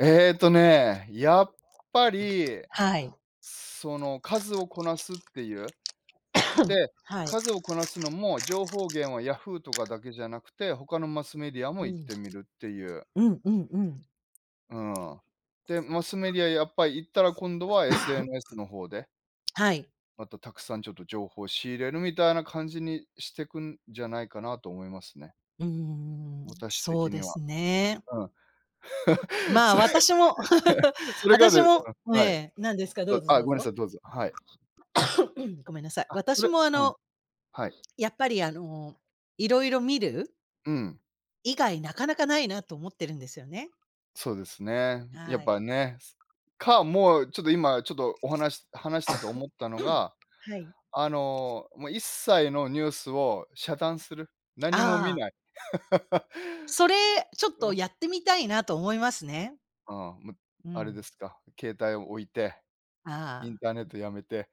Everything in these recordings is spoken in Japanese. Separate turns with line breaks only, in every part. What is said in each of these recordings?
ええっとね、やっぱり、
はい。
その数をこなすっていう。で、
はい。
数をこなすのも、情報源はヤフーとかだけじゃなくて、他のマスメディアも
う
行っ
ん。
てみるっていう。
うんうんうん。
うーん。で、マスメディア、やっぱり行ったら、今度は SNS の方で。
はい。
また、沢山ちょっと情報を仕入れる、みたいな感じにしてくんじゃないかなと思いますね。
うーん、
私
そう
的に
で
は。
すね。
うん。
まあ、
それ
私も
それが
私
でうん、
もえ
はい。
え、何ですか？どうぞ
あ、
どう
ごめんな
ぞ。
さい、どうぞ。はい。
ごめんなさい、
あ、そ
私
れ
も、あ
うん。
の
はい。
やっぱり、あの、色々見る
うん。
以外、中々無いな、と思ってるんですよね。
そうですね。や
は
っ
い。
ぱね、か、もうちょっと、今ちょっと、お話し話してて思ったの が、
はい。
あの、もう、一切のニュースを遮断する、何も見
ああ。
ない。
それ、ちょっと やってみたいな、と思いますね。
あ、も、
う
あれ
ん。
ですか、携帯を置いて、イン
あ
ターネッ
あ。
ト、やめて。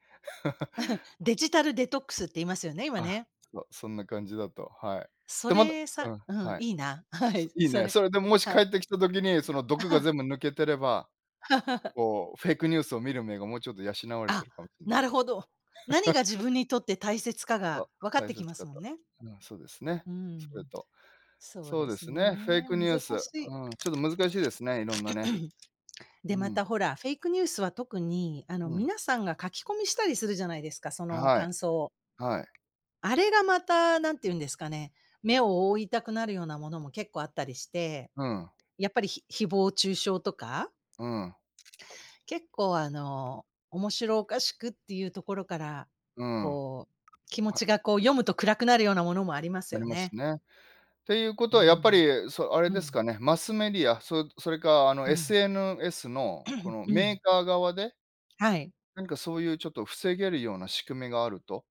デジタルデトックスって言いますよね？今
あ、
ね。
そう、そんな感じだと。はい、
そ
でまど
れ
う
さ
ん、
うん、
はい、
いいな、はい、
いい
そ
ね。
れ、
それで、もし帰
はい。
って来た時に、その毒が 全部抜けてれば、こう、フェイクニュースを見る目が、もうちょっと養われて
あ、
るかもしれな
な
い。
るほど、何が 自分にとって大切かが、
そ、
分かっ
大
てき
切
ます
か
もん
と。
ね。
うん、そうですね。
うーん。
それと、
そう
そう
で
で
す
すね、フェイ
ね、
クニュース。
難しい。
うん、ちょっと難しいですね、色んなね、うー
で、ま
ん。
た、ほら、フェイクニュースは、特に、あの
うん。
皆さんが、書き込みしたりするじゃないですか、その
はい。
感想を。
はい。
あれがまた、何て言うんですかね、目を覆いたくなるようなものも、結構あったりして。
うん。
やっぱり、ひ誹謗中傷とか。
うん。
結構、あの、面白おかしくっていうところから、
うん。
こう、気持
は
ちがこう、読むと暗くなるようなものもあります
あり
よ
ます
ね。
ね。って言う
う
事
ー
は、やっぱ
ん。
りそあれ
う
です
ん。
かね、マスメディア、そそれか、あの、
うん。
SNS の、この
う
メー
ん。
カー側で
はい。
何か、そういう、ちょっと防げるような仕組みがあると